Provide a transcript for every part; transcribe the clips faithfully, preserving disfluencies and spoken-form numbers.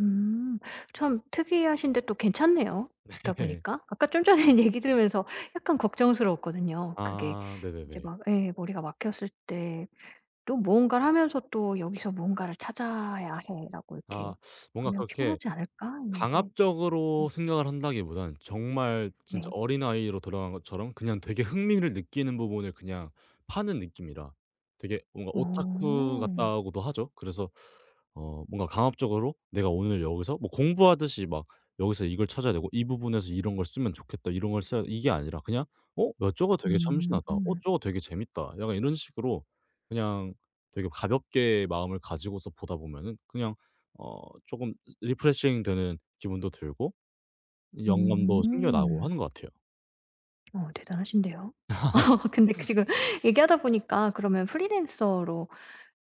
음. 참 특이하신데 또 괜찮네요 듣다 네. 보니까. 아까 좀 전에 얘기 들으면서 약간 걱정스러웠거든요 그게. 아 이제 네네네. 막 예 머리가 막혔을 때 또 무언가를 하면서 또 '여기서 무언가를 찾아야 해.'라고 아. 이렇게 뭔가 하면 그렇게 피곤하지 않을까 했는데. 음. 강압적으로 생각을 한다기보다는 정말 진짜 네. 어린아이로 돌아간 것처럼 그냥 되게 흥미를 느끼는 부분을 그냥 파는 느낌이라 되게 뭔가 오타쿠 어. 같다고도 하죠. 그래서 어 '뭔가 강압적으로 내가 오늘 여기서 뭐 공부하듯이 막 여기서 이걸 찾아야 되고 이 부분에서 이런 걸 쓰면 좋겠다. 이런 걸 써야 돼.' 이게 아니라 그냥 '어 야 저거 되게 참신하다, 어 음. 저거 되게 재밌다.' 약간 이런 식으로 그냥 되게 가볍게 마음을 가지고서 보다 보면은 그냥 어 조금 리프레싱되는 기분도 들고 영감도 생겨나고 음. 하는 것 같아요. 어 대단하신데요. 어 근데 그 지금 얘기하다 보니까 그러면 프리랜서로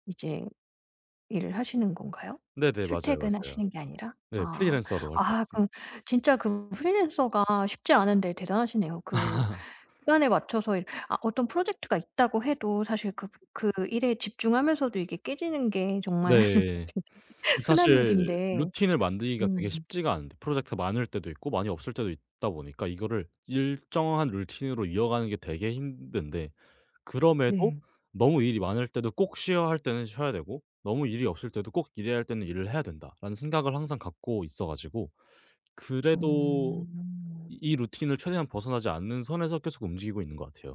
이제 일을 하시는 건가요 네네. 맞아요, 맞아요. 출퇴근하시는 게 아니라? 네. 아. 프리랜서로 활동하고 아 있습니다. 그럼 진짜 그 프리랜서가 쉽지 않은데 대단하시네요. 그 시간에 맞춰서 이 아 어떤 프로젝트가 있다고 해도 사실 그 그 일에 집중하면서도 이게 깨지는 게 정말 네. 진짜 이 흔한 사실 일인데 루틴을 만들기가 되게 음. 쉽지가 않은데 프로젝트가 많을 때도 있고 많이 없을 때도 있다 보니까 이거를 일정한 룰틴으로 이어 가는 게 되게 힘든데 그럼에도 네. '너무 일이 많을 때도 꼭 쉬어야 할 때는 쉬어야 되고 너무 일이 없을 때도 꼭 일해야 할 때는 일을 해야 된다.'라는 생각을 항상 갖고 있어 가지고 그래도 어. 이 루틴을 최대한 벗어나지 않는 선에서 계속 움직이고 있는 것 같아요.